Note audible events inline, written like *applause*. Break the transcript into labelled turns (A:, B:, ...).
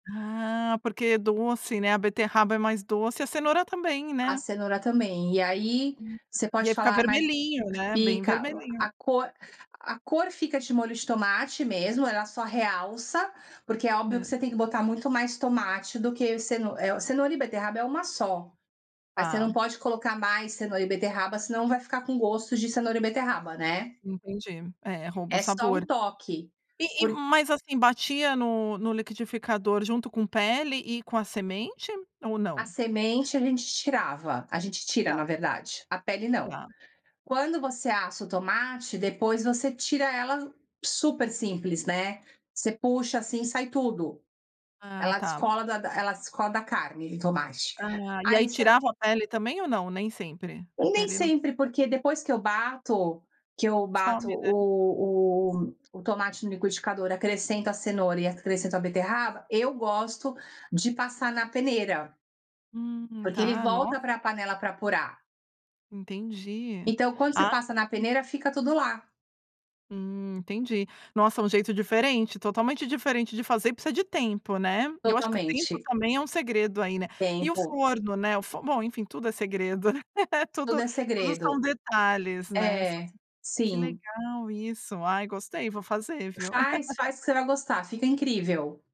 A: Ah, porque é doce, né, a beterraba é mais doce e a cenoura também,
B: A
A: né.
B: cenoura também. E aí,
A: Hum.
B: você
A: E
B: pode
A: ia ficar
B: falar, mas
A: vermelhinho, né, bem
B: fica
A: vermelhinho.
B: a cor a cor fica de molho de tomate mesmo, ela só realça, porque é óbvio que
A: Aham.
B: você tem que botar muito mais tomate do que, ce eh, cenoura e beterraba é uma só, você
A: Tá.
B: não pode colocar mais cenoura e beterraba, senão vai ficar com gosto de cenoura e beterraba, né.
A: Entendi. É, rouba o
B: É só
A: sabor.
B: um toque,
A: E e
B: por
A: mas, assim, batia no no liquidificador junto com pele e com a semente ou
B: A
A: não?
B: semente a gente tirava a gente tira,
A: Tá.
B: na verdade, a pele não.
A: Tá.
B: Quando você assa o tomate, depois você tira ela super simples, né, você puxa, assim, sai tudo.
A: Ah,
B: Ela
A: tá.
B: descola da da ela descola da carne do tomate.
A: Ah, e
B: Ah,
A: aí
B: isso
A: tirava a pele também ou não, nem sempre? A
B: E nem
A: pele não
B: sempre
A: precisava.
B: porque, depois que eu bato que eu
A: Some,
B: bato
A: né.
B: o o o tomate no liquidificador, acrescento a cenoura e acrescento a beterraba, eu gosto de passar na peneira.
A: Hum,
B: Porque ele
A: tá, nossa.
B: volta para panela para apurar.
A: Entendi.
B: Então, quando você
A: Ah
B: passa na
A: *unintelligible*
B: peneira fica tudo lá.
A: Hum, entendi. Nossa, um jeito diferente, totalmente diferente de fazer e precisa de tempo, né. Eu acho que o tempo
B: Totalmente.
A: também é um segredo aí, né. E o
B: Tempo.
A: forno, né, o fo bom, enfim, tudo é segredo, né.
B: Tudo
A: Tudo,
B: é
A: tudo são
B: segredo.
A: detalhes, né, são
B: É.
A: que
B: Sim.
A: legal isso. Ai, gostei, vou fazer, viu?
B: Faz
A: *laughs*
B: faz que você vai gostar, fica incrível.